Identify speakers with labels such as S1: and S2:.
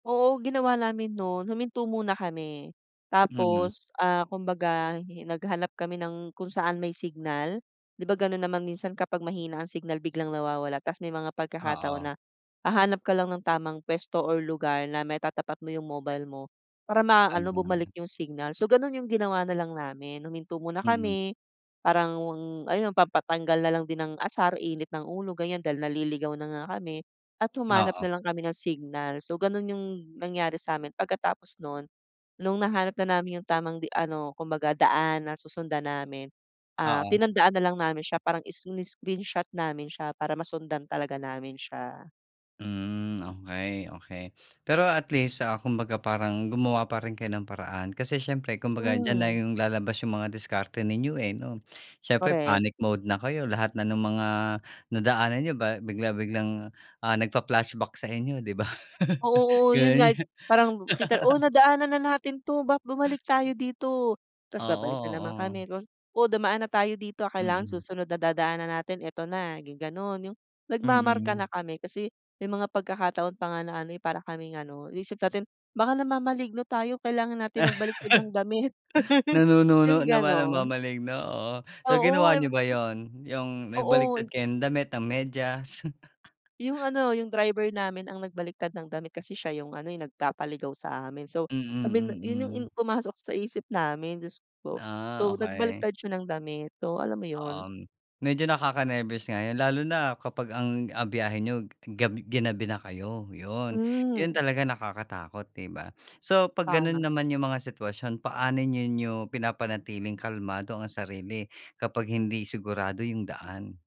S1: Oo, ginawa namin no'n huminto muna kami,
S2: Mm.
S1: tapos, ah, kumbaga hi naghanap kami ng kung saan may signal. 'Di ba, gano'n naman minsan kapag mahina ang signal biglang nawawala tas may mga pagkakataon
S2: Oo.
S1: na, hahanap ka lang ng tamang puwesto or lugar na matatapat mo 'yong mobile mo, para maano
S2: Tama.
S1: bumalik 'yong signal. So, gano'n 'yong ginawa na lang namin, huminto muna
S2: Mm.
S1: kami, parang wang ano pampatanggal na lang din ng asar, init ng ulo, ganiyan, dahil naliligaw na nga kami at humanap
S2: Oo.
S1: na lang kami ng signal. So, gano'n 'yong nangyari sa'min, pagkatapos no'n, no'ng nahanap na namin 'yong tamang di ano kumbaga daan na susundan namin, ah,
S2: Oo.
S1: tinandaan na lang namin siya parang isini-screenshot namin siya para masundan talaga namin siya.
S2: Hmm, okay, okay. Pero at least, ah, kumbaga parang gumawa pa rin kayo ng paraan. Kasi siyempre kumbaga diyan na
S1: Mm.
S2: 'yong lalabas 'yong mga diskarte ninyo, eh, 'no. Siyempre,
S1: Korek.
S2: panic mode na kayo lahat na no'ng mga nadaanan niyo ba bigla-biglang, ah, nagpa-flashback sa inyo, 'di ba?
S1: Ah, oo.'Yon nga
S2: Gano'n
S1: 'yo
S2: 'yo
S1: parang nakita, "O, nadaanan na natin 'to, ba't bumalik tayo dito?" Tas babalik
S2: Oo,
S1: na naman
S2: oo.
S1: kami, tapos "O, dumaan na tayo dito, ah, kailangan
S2: Mm.
S1: susunod na dadaanan natin ito na." 'Yong gano'n. 'Yong nagmamarka
S2: Mm.
S1: na kami kasi may mga pagkakataon pa nga na ano, eh, para kaming ano, 'yong isip natin "Baka namamaligno tayo, kailangan natin magbaliktad ng damit." 'Yong
S2: Nanununo na pala,
S1: gano'n.
S2: namamaligno, oo. So
S1: Oo,
S2: ginawa
S1: eh, sabi
S2: niyo
S1: ko.
S2: ba 'yon, 'yong
S1: Oo,
S2: nagbaliktad
S1: in
S2: kayo ng damit, ng medyas?
S1: 'Yong ano, 'yong driver namin ang nagbaliktad ng damit kasi siya 'yong ano, eh, 'yong nagpapaligaw sa amin. So,
S2: Mm,
S1: I mean, 'yon 'yong in
S2: mm.
S1: pumasok sa isip namin, Diyos ko po. So,
S2: Ah, okay.
S1: nagbaliktad siya ng damit, so, alam mo
S2: Oo,
S1: 'yon?
S2: um, medyo nakakanerbiyos nga 'yon. Lalo na kapag ang ang biyahe niyo gabi ginabi na kayo, 'yon. 'Yon
S1: Hmm.
S2: talaga nakakatakot, 'di ba? So, pag gano'n
S1: Tama.
S2: naman 'yong mga sitwasyon, paano ninyo pinapanatiling kalmado ang sarili kapag hindi sigurado 'yong daan?